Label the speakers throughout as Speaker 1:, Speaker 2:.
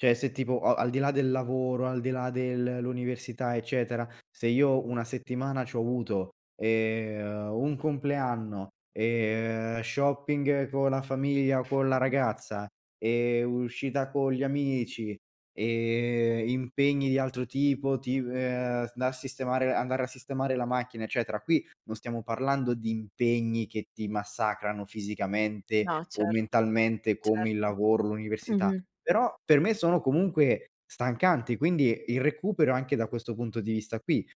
Speaker 1: Cioè se tipo a al di là del lavoro, al di là del l'università, eccetera, se io una settimana c'ho avuto, ehm, uhm, un compleanno, e, uhm, shopping con la famiglia o con la
Speaker 2: Mh-mh.
Speaker 1: ragazza, ehm, uscita con gli amici, ehm, impegni di altro tipo, tip eh, s da sistemare andare a sistemare la macchina eccetera. Qui non stiamo parlando di impegni che ti massacrano fisicamente
Speaker 2: No,
Speaker 1: o
Speaker 2: cert
Speaker 1: mentalmente come il
Speaker 2: certo,
Speaker 1: lavoro, l'università.
Speaker 2: mh-mh.
Speaker 1: Però per me sono comunque stancanti, quindi il recupero anche da questo punto di vista qui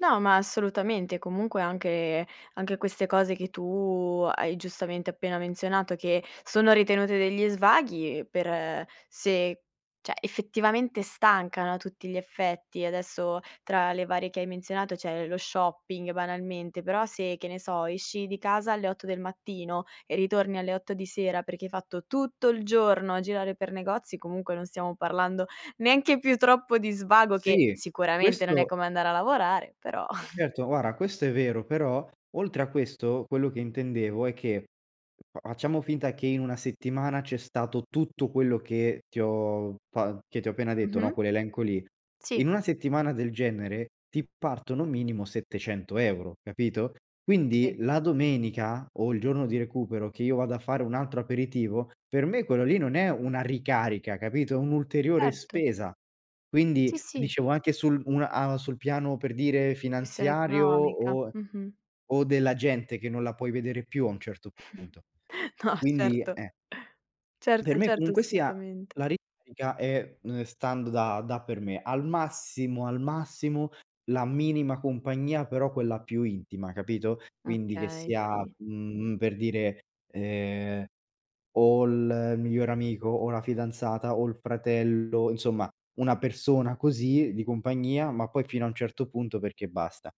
Speaker 2: No, ma assolutamente. Comunque anche anche queste cose che tu hai giustamente appena menzionato, che sono ritenute degli svaghi per se cioè effettivamente stancano a tutti gli effetti. Adesso, tra le varie che hai menzionato c'è lo shopping banalmente, però se, che ne so, esci di casa alle 8 del mattino e ritorni alle 8 di sera perché hai fatto tutto il giorno a girare per negozi, comunque non stiamo parlando neanche più troppo di svago che,
Speaker 1: Sì.
Speaker 2: sicuramente non è
Speaker 1: Questo
Speaker 2: come andare a lavorare, però.
Speaker 1: certo, guarda questo è vero, però, oltre a questo quello che intendevo è che f facciamo finta che in una settimana c'è stato tutto quello che ti ho fa che ti ho appena detto, no,
Speaker 2: Mh-mh.
Speaker 1: quell'elenco lì.
Speaker 2: Sì.
Speaker 1: In una settimana del genere ti partono minimo 700 euro, capito, quindi
Speaker 2: Sì.
Speaker 1: la domenica o il giorno di recupero che io vado a fare un altro aperitivo, per me quello lì non è una ricarica, capito, è un'ulteriore
Speaker 2: Certo.
Speaker 1: spesa.
Speaker 2: Sì,
Speaker 1: Quindi
Speaker 2: sì.
Speaker 1: dicevo anche sul un a sul piano per dire
Speaker 2: Questione
Speaker 1: finanziario
Speaker 2: economica.
Speaker 1: o
Speaker 2: Mh-mh.
Speaker 1: o della gente che non la puoi vedere più a un certo punto.
Speaker 2: No
Speaker 1: Quindi
Speaker 2: certo,
Speaker 1: eh. Per
Speaker 2: certo,
Speaker 1: me
Speaker 2: certo,
Speaker 1: comunque sia,
Speaker 2: assolutamente.
Speaker 1: la ricarica è, uhm, stando da da per me, al massimo, al massimo la minima compagnia però quella più intima, capito, quindi che
Speaker 2: Okay,
Speaker 1: sia,
Speaker 2: sì.
Speaker 1: mhmm, per dire, ehm, o il migliore amico o la fidanzata o il fratello, insomma una persona così di compagnia, ma poi fino a un certo punto perché basta.